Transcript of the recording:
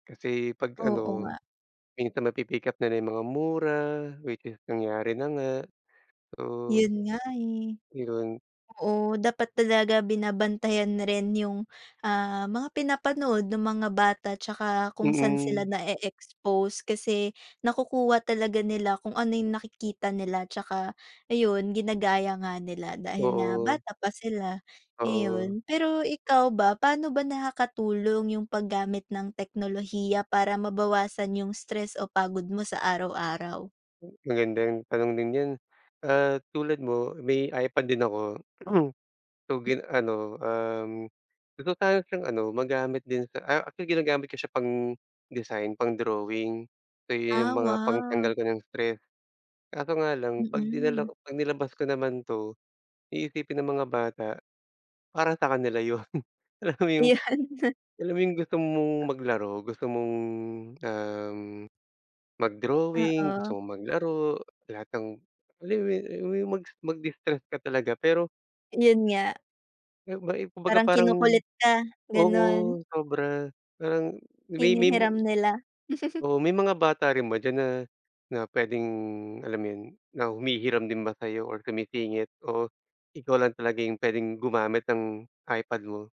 Kasi pag Oo ano, nga. minsan napipick-up nila yung mga mura which is nangyari na nga, so 'Yon nga, eh. iyon. Oo, dapat talaga binabantayan rin 'yong, ah, mga pinapanood nung mga bata 'tsaka kung saan sila Mm. na-eexpose, kasi nakukuha talaga nila, kung ano yung nakikita nila tsaka ayon ginagaya nga nila, dahil nga Doon. bata pa sila, Oo. ayon. Pero ikaw ba, paano ba nakakatulong yung paggamit ng teknolohiya para mabawasan yung stress o pagod mo sa araw-araw? Magandang tanong din diyan. Ah, tulad mo may iPad din ako. So Hmm. gin ano, um, gusto ko sanang siyang ano magamit din sa ah, actually ginagamit ko siya pang-design, pang-drawing. So iyong yung Ah, mga wa pagtanggal ko ng stress, kaso nga lang pag dinala Mm. ko pag nilabas ko naman 'to, iisipin ng mga bata para sa kanila 'yon. Alam mo yung Iyan. alam mo yung gusto mong A maglaro, gusto mong, um, mag-drawing, Oo. gusto mong maglaro, lahat ng alam mo 'yon, alam mo 'yon, mag mag-distress ka talaga pero. Iyon nga. Ayon, ba, eh, kumbaga Parang parang kinukulit ka, oo, gano'n. sobra. Parang may may mu Hinihiram nila. oo, may mga bata rin ba diyan na na pwedeng alam 'yon, na humihiram din ba sa'yo or sumisingit o ikaw lang talaga yung pwedeng gumamit ng iPad mo?